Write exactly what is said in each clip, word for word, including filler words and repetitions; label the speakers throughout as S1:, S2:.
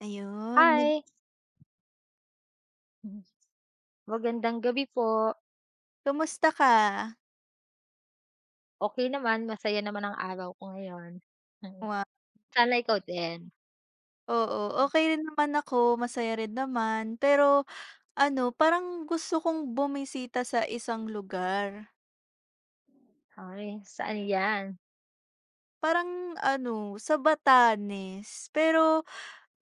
S1: Ayun, nag
S2: Hi! Hmm. Magandang gabi po.
S1: Kumusta ka?
S2: Okey naman, masaya naman ang araw ko ngayon.
S1: Wa
S2: Sana ikaw din.
S1: Oo.
S2: Hmm.
S1: Okey rin naman ako, masaya rin naman. Pero ano, parang gusto kong bumisita sa isang lugar.
S2: Ay, saan yan?
S1: Parang ano, sa Batanes. Pero,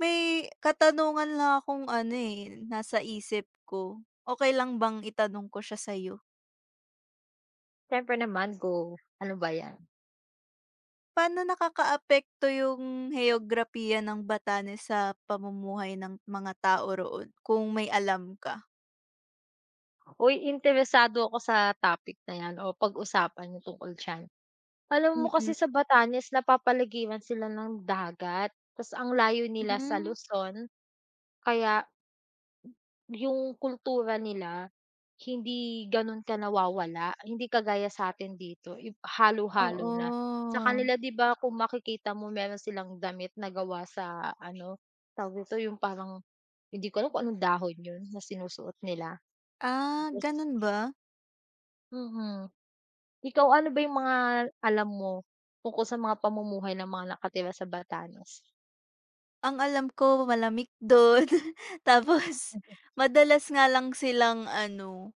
S1: may katanungan lang akong ano, eh, nasa isip ko. Okey lang bang itanong ko siya sa'yo?
S2: Siyempre naman, go. Ano ba yan?
S1: Pa'no nakakaapekto yung heograpiya ng Batanes, sa pamumuhay ng mga tao roon, kung may alam ka?
S2: Uy! Interesado ako sa topic na yan, o pag-usapan yung tungkol diyan. Alam mo kasi
S1: Mm.
S2: sa Batanes, napapaligiran sila ng dagat, tas ang layo nila sa
S1: Hmm.
S2: Luzon, kaya yung kultura nila, hindi gano'n ka nawawala. Hindi kagaya sa'tin dito, ib halo-halo na. Sa
S1: Oo.
S2: kanila, 'di ba, kung makikita mo, meron silang damit na gawa sa ano, tawag dito, yung parang hindi ko alam kung anong dahon 'yon, na sinusuot nila,
S1: Ah,
S2: tapos
S1: gano'n ba?
S2: Mhm. Ikaw ano ba 'yung mga alam mo, tungkol sa mga pamumuhay ng mga nakatira sa Batanes?
S1: Ang alam ko malamig dun. Tapos madalas nga lang silang ano,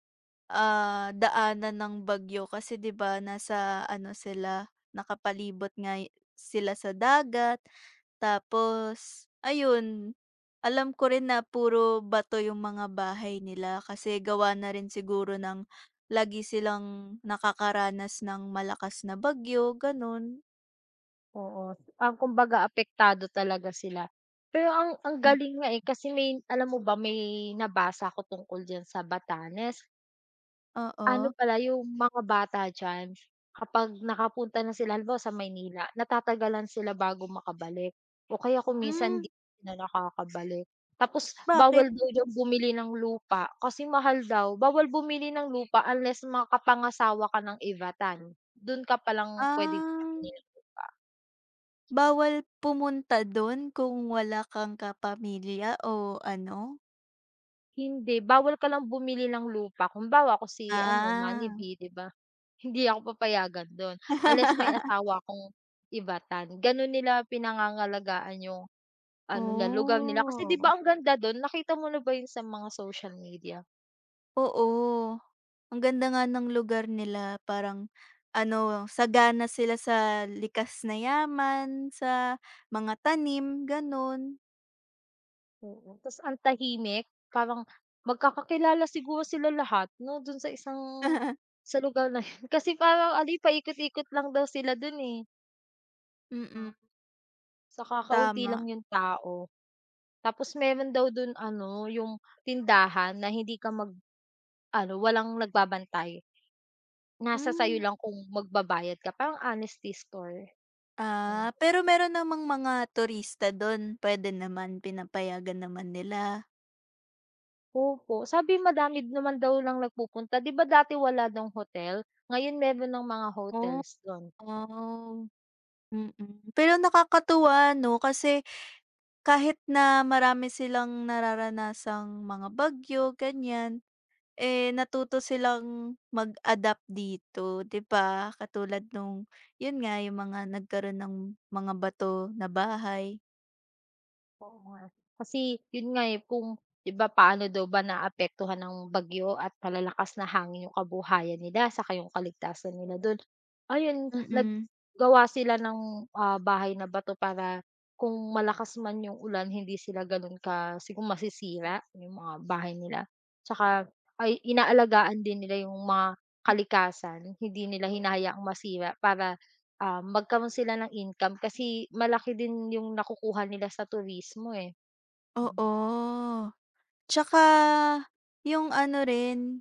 S1: ah, daanan ng bagyo kasi 'di ba nasa ano sila, nakapalibot nga sila sa dagat. Tapos, ayun, alam ko rin na puro bato 'yung mga bahay nila, kasi gawa na rin siguro ng lagi silang nakakaranas ng malakas na bagyo, gano'n.
S2: Oo, um, kumbaga apektado talaga sila. Pero ang ang
S1: Hmm.
S2: galing nga eh kasi may alam mo ba may nabasa ko tungkol diyan sa Batanes. Ano
S1: Oo.
S2: pala 'yung mga bata diyan, kapag nakapunta na sila halimbawa sa Maynila natatagalan sila bago makabalik, o kaya kung minsan
S1: Hmm.
S2: 'di sila nakakabalik. Tapos
S1: Bakit?
S2: bawal daw diyan bumili ng lupa, kasi mahal daw. Bawal bumili ng lupa unless makapangasawa ka ng Ivatan, dun ka pa lang puwede
S1: Ah.
S2: bumili ng lupa.
S1: Bawal pumunta dun kung wala kang kapamilya o ano?
S2: Hindi, bawal ka lang bumili ng lupa, kumbawa, ako si ano, Manny
S1: Ah.
S2: V, 'di ba, hindi ako papayagan do'n, unless may asawa akong Ivatan. Gano'n nila pinangangalagaan yung ano, na lugar nila, kasi, 'di ba,
S1: Oh!
S2: ang ganda do'n, nakita mo na ba 'yon sa mga social media?
S1: Oo, ang ganda nga ng lugar nila, parang ano, sagana sila sa likas na yaman, sa mga tanim, gano'n.
S2: Oo, tas ang tahimik, parang magkakakilala siguro sila lahat, 'no, do'n sa isang sa lugar na 'yon. Kasi parang ano, paikot-ikot lang daw sila do'n eh.
S1: Mm.
S2: Ah. Tsaka kaunti lang
S1: Tama.
S2: yung tao. Tapos meron daw do'n ano, yung tindahan na hindi ka mag ano walang nagbabantay. Nasa sa'yo
S1: Hmm.
S2: lang kung magbabayad ka, parang honesty store. Ayun.
S1: Ah, pero meron namang mga turista do'n, puwede naman, pinapayagan naman nila?
S2: Opo, sabi, madamid naman daw lang nagpupunta, 'di ba, dati wala do'ng hotel, ngayon meron ng mga
S1: Oh,
S2: hotels do'n.
S1: wow! Mm, pero nakakatuwa 'no, kasi kahit na marami silang nararanasang mga bagyo, ganyan, eh, natuto silang mag-adapt dito, 'di ba, katulad no'ng, 'yon nga, yung mga nagkaroon ng mga bato na bahay.
S2: Oo nga eh, kasi 'yon nga, eh, kung 'di ba, paano daw ba naaapektuhan ng bagyo at malalakas na hangin, yung kabuhayan nila, saka yung kaligtasan nila do'n? Ayun,
S1: Mm.
S2: naggawa sila ng, ah, bahay na bato, para kung malakas man yung ulan, hindi sila gano'n ka si kung masisira, yung mga bahay nila. Tsaka, ay inaalagaan din nila yung mga kalikasan. Hindi nila hinahayaang masira para, ah, magkaroon sila ng income, kasi malaki din yung nakukuha nila sa turismo eh. Mm.
S1: Oo. Tsaka, yung ano rin,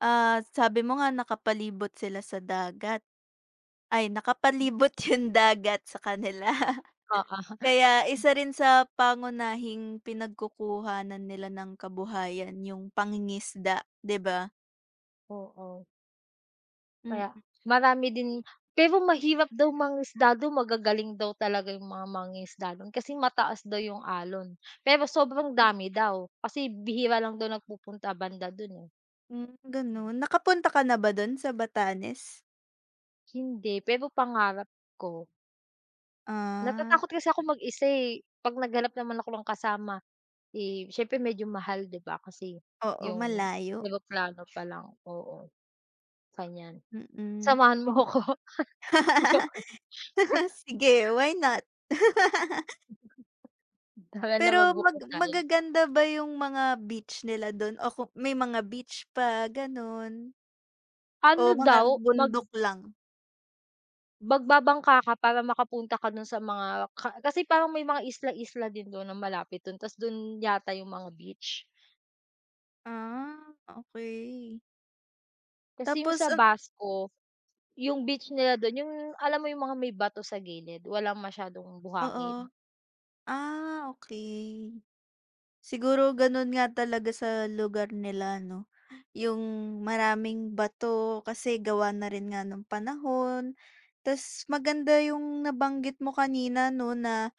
S1: ah, sabi mo nga, nakapalibot sila sa dagat. Ay, nakapalibot yung dagat sa kanila.
S2: Oo.
S1: Kaya
S2: Hmm.
S1: isa rin sa pangunahing pinagkukuhanan nila ng kabuhayan, yung pangingisda, 'di ba?
S2: Oo. Kaya,
S1: Mm.
S2: marami din pero mahirap daw mangisda do'n. Magagaling daw talaga yung mga mangingisda do'n, kasi mataas daw yong alon. Pero, sobrang
S1: Hmm.
S2: dami daw, kasi bihira lang daw nagpupunta banda do'n eh.
S1: Hmm,
S2: Hmm.
S1: gano'n? Nakapunta ka na ba do'n sa Batanes?
S2: Hindi, pero pangarap ko. Natatakot
S1: Ah.
S2: kasi akong mag-isa, eh. 'Pag naghanap naman ako ng kasama, eh, siyempre medyo mahal 'di ba, kasi
S1: Oo,
S2: yung
S1: malayo.
S2: eroplano pa lang, oo. kanyan.
S1: Mm, m
S2: Samahan mo 'ko. Joke lang.
S1: Sige, why not?
S2: Tara na,
S1: Pero,
S2: mag-book na
S1: mag
S2: tayo.
S1: magaganda ba yung mga beach nila do'n o ku may mga beach ba gano'n? O,
S2: Ano
S1: mga
S2: daw? Mag
S1: bundok lang?
S2: magbabangka ka para makapunta ka do'n sa mga ka kasi parang may mga isla-isla din do'n na malapit do'n. Ta's do'n yata yung mga beach.
S1: Ah, okey.
S2: Kasi yung
S1: Tapos,
S2: sa
S1: um
S2: Basco, yung beach nila do'n yung alam mo yung mga may bato sa gilid, walang masyadong buhangin.
S1: Oo. Ah, okey. Siguro gano'n nga talaga sa lugar nila 'no. Yung, maraming bato kasi gawa na rin nga nung panahon, ta's maganda yung nabanggit mo kanina 'no na,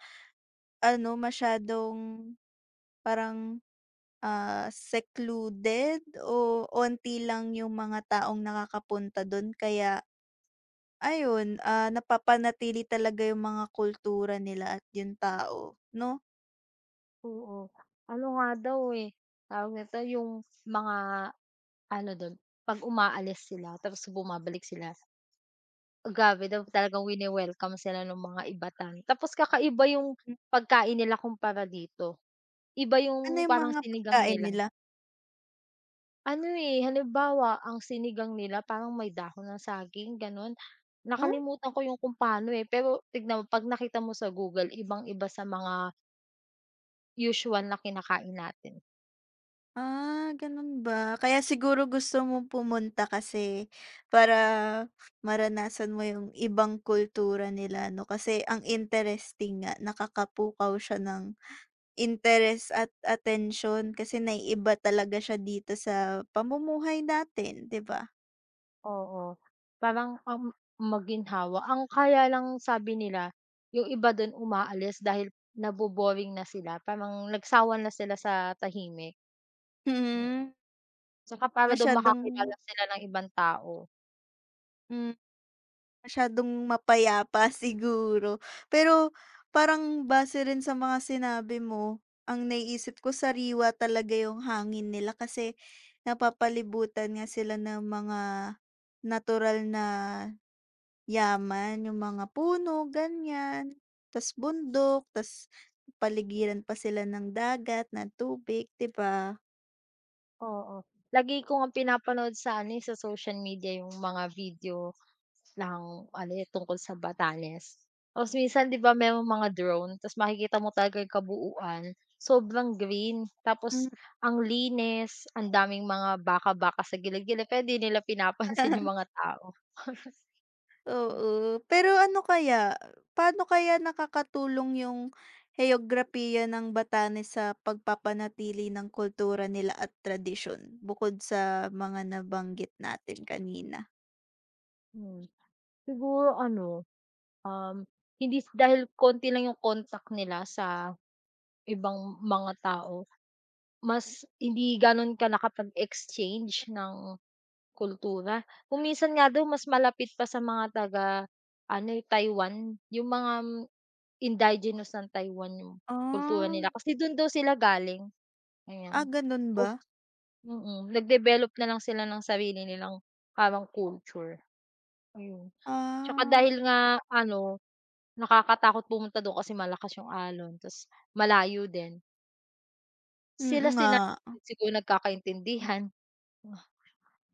S1: ano masyadong parang, ah, secluded oh, onti lang yung mga taong nakakapunta do'n kaya, ayun, ah, napapanatili talaga yung mga kultura nila at yung tao, 'no?
S2: Oo. Ano nga daw eh, tawag nito 'yung mga ano dun 'pag umaalis sila tapos bumabalik sila, grabe daw talagang wine-welcome sila nung mga Ivatan. Tapos kakaiba 'yung
S1: Hmm.
S2: pagkain nila kumpara dito, Iba
S1: Ano
S2: 'yung
S1: 'yung
S2: parang
S1: mga
S2: sinigang
S1: pagkain
S2: nila.
S1: nila?
S2: Ano, eh, halimbawa ang sinigang nila parang may dahon ng saging gano'n,
S1: Oh?
S2: nakalimutan ko 'yung kung pa'no eh. Pero tingnan mo 'pag nakita mo sa Google ibang-iba sa mga usual na kinakain natin.
S1: Ah, ganun ba. Kaya siguro gusto mong pumunta kasi para maranasan mo 'yung ibang kultura nila 'no, kasi ang interesting nga, nakakapukaw siya ng interes at atensyon kasi na-iiba talaga siya dito sa pamumuhay natin, 'di ba.
S2: Oo, parang, um, maginhawa, ang kaya lang sabi nila 'yung iba dun umaalis dahil nabo-boring na sila. Parang nagsawa na sila sa tahimik.
S1: Mhm.
S2: 'Tsaka para daw
S1: Masyadong
S2: makakilala sila ng ibang tao.
S1: Hmm, masyadong mapayapa siguro. Pero parang base rin sa mga sinabi mo, ang naiisip ko sariwa talaga yung hangin nila kasi napapalibutan nga sila ng mga natural na yaman, yung mga puno, ganyan. Ta's bundok, ta's paligiran pa sila ng dagat, ng tubig, 'di ba?
S2: Oo. Lagi ko ngang pinapanood sa ano, eh, sa social media yung mga video ng ano, eh, tungkol sa Batanes. Tapos minsan 'di ba merong mga drone. Ta's makikita mo talaga yung kabuuan. Sobrang green,
S1: Hmm.
S2: tapos ang linis ang daming mga baka-baka sa gild-gild, pero 'di nila pinapansin yung mga tao.
S1: Oo, pero ano kaya? Pa'no kaya nakakatulong yung heograpiya ng Batanes sa pagpapanatili ng kultura nila at tradisyon bukod sa mga nabanggit natin kanina.
S2: Hmm. Siguro ano, um, hindi s dahil konti lang yung contact nila sa, ibang mga tao, mas hindi gano'n ka nakapag-exchange ng, kultura. Kung minsan nga daw mas malapit pa sa mga taga ano, eh, Taiwan, yung mga, indigenous ng Taiwan yung kultura
S1: Ah.
S2: nila, kasi do'n daw sila galing.
S1: Ah,
S2: Ayan.
S1: gano'n
S2: Tapos
S1: ba?
S2: mm. Nag-develop na lang sila ng sarili nilang, parang culture. Ayun. Tsaka
S1: Ah.
S2: dahil nga ano, nakakatakot pumunta do'n kasi malakas 'yong alon ta's malayo din.
S1: Mm, nga.
S2: Sila-sila nalang siguro yung nagkakaintindihan,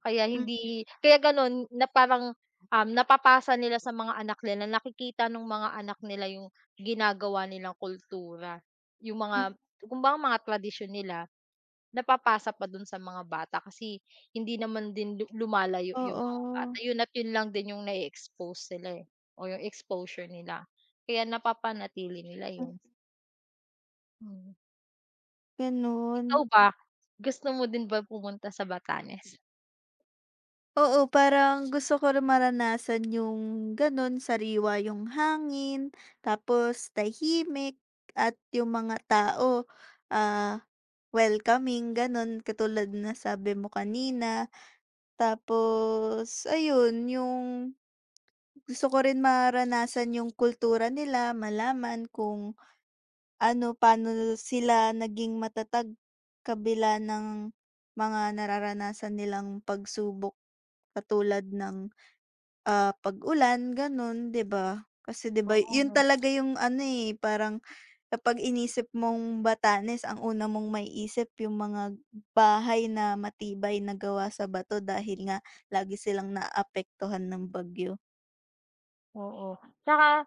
S2: kaya
S1: Hmm.
S2: hindi kaya gano'n na parang, um, napapasa nila sa mga anak nila, nakikita no'ng mga anak nila yung ginagawa nilang kultura. Yung
S1: Hmm.
S2: mga kumbaga mga tradisyon nila, napapasa pa do'n sa mga bata kasi, hindi naman din lu lumalayo yung mga bata.
S1: Oo.
S2: Yun at yun lang din yung na-i-expose sila, eh, or yung exposure nila. Kaya napapanatili nila
S1: Hmm.
S2: yun. Mm. Ikaw
S1: Ganun.
S2: ba, gusto mo din ba pumunta sa Batanes?
S1: Oo, parang gusto ko rin maranasan yung ganun, sariwa yung hangin tapos tahimik at yung mga tao, ah, welcoming, ganun katulad na sabi mo kanina. Tapos ayun, yung gusto ko rin mararanasan yung kultura nila, malaman kung ano, paano sila naging matatag kabila ng mga nararanasan nilang pagsubok katulad ng, ah, pag-ulan ganun, di ba? Kasi di ba yun
S2: [unintelligible]
S1: talaga yung ano, eh, parang kapag inisip mong Batanes, ang una mong maiisip yung mga bahay na matibay na gawa sa bato dahil nga lagi silang naapektuhan ng bagyo.
S2: Oo, tsaka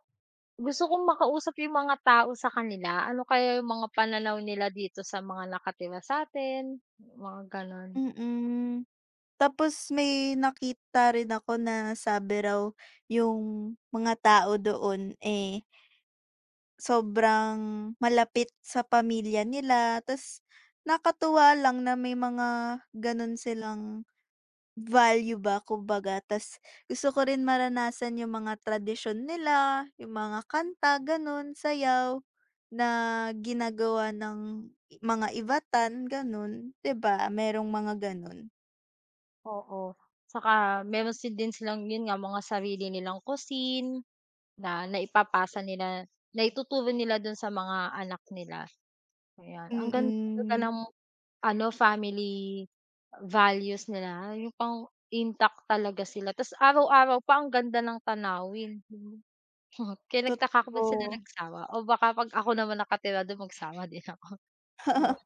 S2: gusto kong makausap yung mga tao sa kanila. Ano kaya yung mga pananaw nila dito sa mga nakatira sa'tin, mga ganun.
S1: Mm. Tapos may nakita rin ako na sabi raw yung mga tao doon, eh sobrang malapit sa pamilya nila ta's nakatuwa lang na may mga ganun silang value ba kung baga. Ta's gusto ko rin maranasan yung mga tradisyon nila, yung mga kanta, gano'n, sayaw na ginagawa ng mga Ivatan, gano'n. Di ba merong mga ganun.
S2: Oo, tsaka meron sin din silang, 'yon nga, mga sarili nilang cuisine, na naipapasa nila, naituturo nila do'n sa mga anak nila, ayan. Ang ganda talaga
S1: Mm.
S2: ng ano, family values nila, yung pang-intact talaga sila, tas araw-araw pa ang ganda ng tanawin. [unintelligible] Kaya nagtaka ako bakit sila
S1: Totoo.
S2: nagsawa, o baka 'pag ako naman nakatira do'n magsawa din ako. Sawa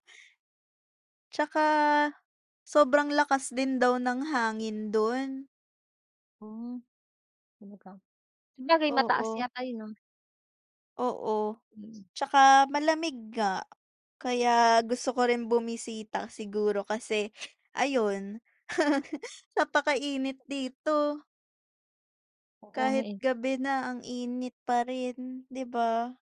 S1: Tsaka, sobrang lakas din daw ng hangin do'n.
S2: Hmm. Talaga? Sabagay, mataas
S1: Oo.
S2: yata yon, 'no.
S1: Oo,
S2: Mm.
S1: tsaka malamig nga, kaya gusto ko rin bumisita siguro, kasi ayun. Napakainit
S2: Tapos
S1: dito.
S2: Oo nga
S1: Kahit
S2: eh.
S1: gabi na, ang init pa rin, 'di ba?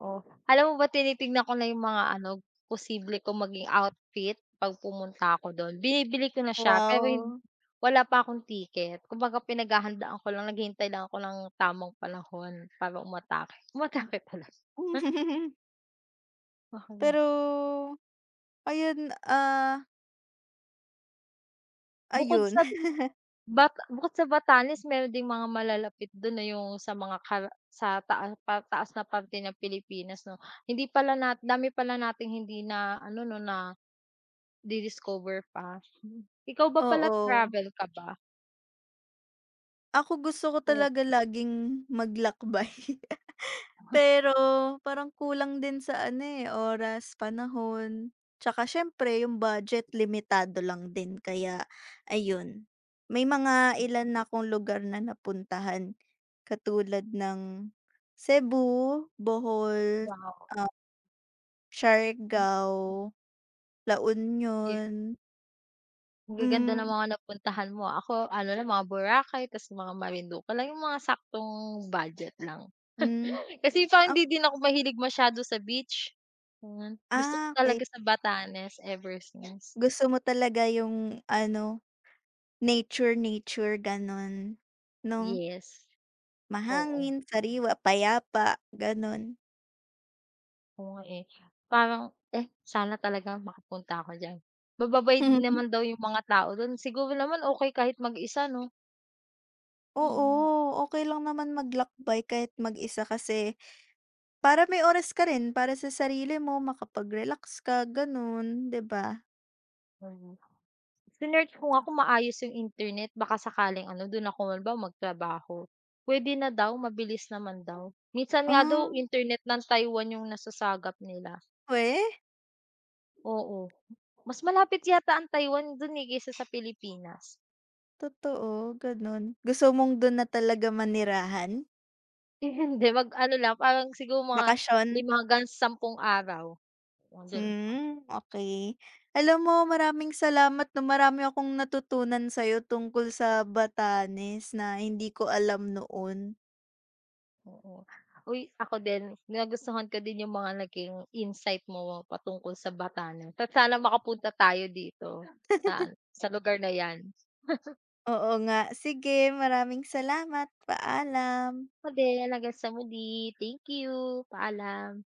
S2: Oo, alam mo ba, tinitignan ko na yung mga ano, posible kong maging outfit 'pag pumunta ako do'n. Binibili ko na siya, pero hin
S1: Wow!
S2: wala pa akong ticket, kumbaga, pinaghahandaan ko lang, naghihintay lang ako ng tamang panahon para umatake. Umatake talaga. Pa halos
S1: Pero ayon, ah
S2: Bukod
S1: Ayon.
S2: sag bak bukod sa Batanes meron ding mga malalapit do'n, eh, 'yung sa mga kar sa taa pataas na parte ng Pilipinas, 'no? Hindi pala na dami pala nating hindi na ano, 'no, nadi-discover pa. Ikaw ba pala
S1: Oo.
S2: travel ka ba?
S1: Ako gusto ko
S2: Oh.
S1: talaga laging maglakbay. Pero parang kulang din sa ano, eh, oras, panahon, 'tsaka siyempre yung budget limitado lang din kaya, ayon. May mga ilan na 'kong lugar na napuntahan, katulad ng Cebu, Bohol,
S2: Wow.
S1: ah
S2: Hmm.
S1: Siargao, La
S2: Ye
S1: Union.
S2: Ang gaganda ng
S1: Hmm.
S2: mga napuntahan mo. Ako ano lang mga Boracay, ta's mga Marinduque lang. 'Yung mga saktong budget lang.
S1: Hmm,
S2: Kasi parang
S1: ak
S2: hindi din ako mahilig masyado sa beach, yon. Gusto ko
S1: Ah, okey.
S2: talaga sa Batanes ever since.
S1: Gusto mo talaga yung ano, nature-nature gano'n, no?
S2: Yes. Oo.
S1: Mahangin, sariwa, payapa, gano'n.
S2: Oo nga eh. Parang, eh, sana talaga makapunta ako diyan. Mababait naman daw 'yung mga tao dun, siguro naman okey kahit mag-isa 'no? Mhm.
S1: Oo, okey lang naman maglakbay kahit mag-isa kasi, para may oras ka rin para sa sarili mo makapag-relax ka ganun, 'di ba?
S2: Mhm. Sinearch ko nga kung maayos 'yung internet baka sakaling ano dun ako halimbawa magtrabaho. Puwede na daw, mabilis naman daw. Minsan nga
S1: Ah.
S2: daw internet ng Taiwan 'yung nasasagap nila.
S1: Weh?
S2: Oo, mas malapit yata ang Taiwan dun eh kaysa sa Pilipinas.
S1: Totoo, ganun. Gusto mong dun na talaga manirahan?
S2: Eh, hindi mag ano lang, parang siguro mga
S1: Bakasyon.
S2: lima hanggang sampung araw. [unintelligible]
S1: Hmm, okey. Alam mo maraming salamat 'no marami akong natutunan sa'yo tungkol sa Batanes na hindi ko alam noon.
S2: Oo. Uy, ako din nagustuhan ko din 'yung mga naging insight mo patungkol sa Batanes. Ta's sana makapunta tayo dito, sa sa lugar na 'yan.
S1: Oo nga. Sige maraming salamat, paalam.
S2: Ako din hanggang sa muli. Thank you. Paalam.